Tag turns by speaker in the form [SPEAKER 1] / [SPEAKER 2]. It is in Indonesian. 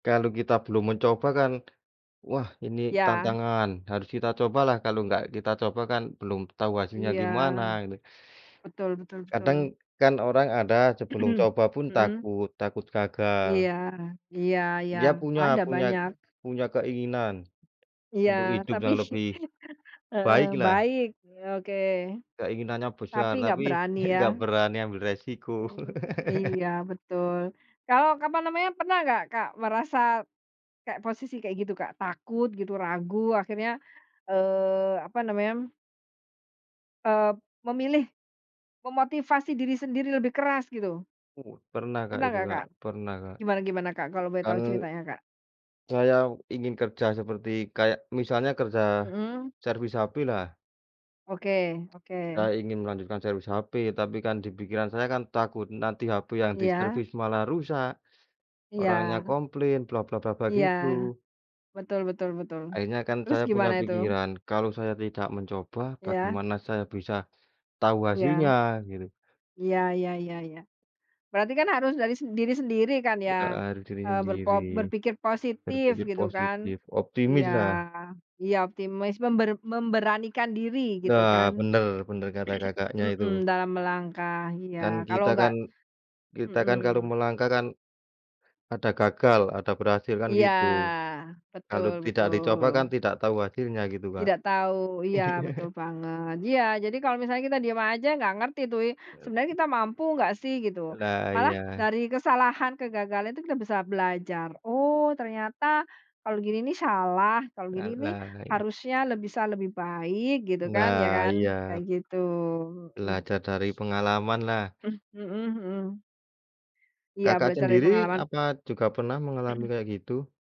[SPEAKER 1] Kalau kita belum mencoba kan, wah ini
[SPEAKER 2] Iya.
[SPEAKER 1] tantangan. Harus kita cobalah kalau enggak kita coba kan belum tahu hasilnya
[SPEAKER 2] Iya.
[SPEAKER 1] gimana ini.
[SPEAKER 2] Betul betul betul.
[SPEAKER 1] Kadang, kan orang ada sebelum coba pun
[SPEAKER 2] Mhm.
[SPEAKER 1] takut takut gagal.
[SPEAKER 2] Iya iya iya,
[SPEAKER 1] Dia punya
[SPEAKER 2] ada
[SPEAKER 1] punya
[SPEAKER 2] banyak.
[SPEAKER 1] punya keinginan,
[SPEAKER 2] Iya
[SPEAKER 1] untuk hidup
[SPEAKER 2] tapi
[SPEAKER 1] yang lebih,
[SPEAKER 2] heeh,
[SPEAKER 1] baik lah.
[SPEAKER 2] baik, e oke.
[SPEAKER 1] Keinginannya
[SPEAKER 2] Tapi
[SPEAKER 1] besar
[SPEAKER 2] nggak
[SPEAKER 1] tapi
[SPEAKER 2] berani
[SPEAKER 1] nggak
[SPEAKER 2] ya?
[SPEAKER 1] nggak berani ambil resiko.
[SPEAKER 2] Mhm mhm. Iya, betul. Kalau, apa namanya, pernah nggak Kak merasa, kayak posisi kayak gitu Kak? Takut gitu, ragu akhirnya, eee, apa namanya eee, memilih, memotivasi diri sendiri lebih keras gitu.
[SPEAKER 1] U pernah Kak
[SPEAKER 2] Pernah
[SPEAKER 1] itu
[SPEAKER 2] nggak
[SPEAKER 1] Kak
[SPEAKER 2] Kak?
[SPEAKER 1] pernah, Kak.
[SPEAKER 2] Gimana gimana Kak, kalau boleh
[SPEAKER 1] Kan,
[SPEAKER 2] tahu ceritanya, Kak?
[SPEAKER 1] saya ingin kerja seperti kayak misalnya kerja,
[SPEAKER 2] Mhm.
[SPEAKER 1] servis hape lah
[SPEAKER 2] Oke oke.
[SPEAKER 1] Saya ingin melanjutkan servis hape, tapi kan di pikiran saya kan takut. Nanti hape yang
[SPEAKER 2] Iya.
[SPEAKER 1] diservis malah rusak, orangnya
[SPEAKER 2] Iya.
[SPEAKER 1] komplain bla bla bla bla,
[SPEAKER 2] Iya.
[SPEAKER 1] gitu.
[SPEAKER 2] Betul betul betul,
[SPEAKER 1] Akhirnya kan
[SPEAKER 2] terus
[SPEAKER 1] saya punya
[SPEAKER 2] gimana itu?
[SPEAKER 1] pikiran, kalau saya tidak mencoba,
[SPEAKER 2] Iya.
[SPEAKER 1] bagaimana saya bisa, tahu hasilnya,
[SPEAKER 2] Iya.
[SPEAKER 1] gitu.
[SPEAKER 2] Iya iya iya iya. Berarti kan harus dari s diri sendiri kan
[SPEAKER 1] I
[SPEAKER 2] ya,
[SPEAKER 1] heeh, mikir
[SPEAKER 2] eee, ber po
[SPEAKER 1] sendiri.
[SPEAKER 2] berpikir positif
[SPEAKER 1] Berpikir
[SPEAKER 2] gitu kan?
[SPEAKER 1] positif, optimis
[SPEAKER 2] Iya
[SPEAKER 1] lah.
[SPEAKER 2] iya optimis member memberanikan diri gitu
[SPEAKER 1] Nah,
[SPEAKER 2] kan.
[SPEAKER 1] bener bener kata Kakaknya
[SPEAKER 2] Mhm,
[SPEAKER 1] itu.
[SPEAKER 2] dalam melangkah, iya.
[SPEAKER 1] Kan,
[SPEAKER 2] Kalau
[SPEAKER 1] kita
[SPEAKER 2] nggak
[SPEAKER 1] kan kita kan kalau
[SPEAKER 2] mhm.
[SPEAKER 1] melangkah kan, ada gagal, ada berhasil kan
[SPEAKER 2] Iya.
[SPEAKER 1] gitu. Kalau
[SPEAKER 2] Betul
[SPEAKER 1] tidak dicoba kan
[SPEAKER 2] betul.
[SPEAKER 1] tidak tahu hasilnya, gitu Kak.
[SPEAKER 2] Tidak tahu. Iya, betul
[SPEAKER 1] Iya.
[SPEAKER 2] banget. Iya, jadi kalau misalnya kita diam aja nggak ngerti tuh ya,
[SPEAKER 1] Iya
[SPEAKER 2] sebenarnya
[SPEAKER 1] sih.
[SPEAKER 2] kita mampu nggak sih gitu.
[SPEAKER 1] Lah,
[SPEAKER 2] Malah
[SPEAKER 1] iya.
[SPEAKER 2] dari kesalahan kegagalan itu kita bisa belajar, "Oh ternyata, kalau gini nih salah, kalau
[SPEAKER 1] La
[SPEAKER 2] gini nih
[SPEAKER 1] lah, iya.
[SPEAKER 2] harusnya" le "bisa lebih baik" gitu kan ya
[SPEAKER 1] Nah,
[SPEAKER 2] kan? Kayak
[SPEAKER 1] iya.
[SPEAKER 2] gitu, mhm.
[SPEAKER 1] Belajar dari pengalaman lah.
[SPEAKER 2] Mhm mhm. Iya,
[SPEAKER 1] Kakak
[SPEAKER 2] belajar dari
[SPEAKER 1] sendiri,
[SPEAKER 2] pengalaman.
[SPEAKER 1] apa juga pernah mengalami kayak gitu?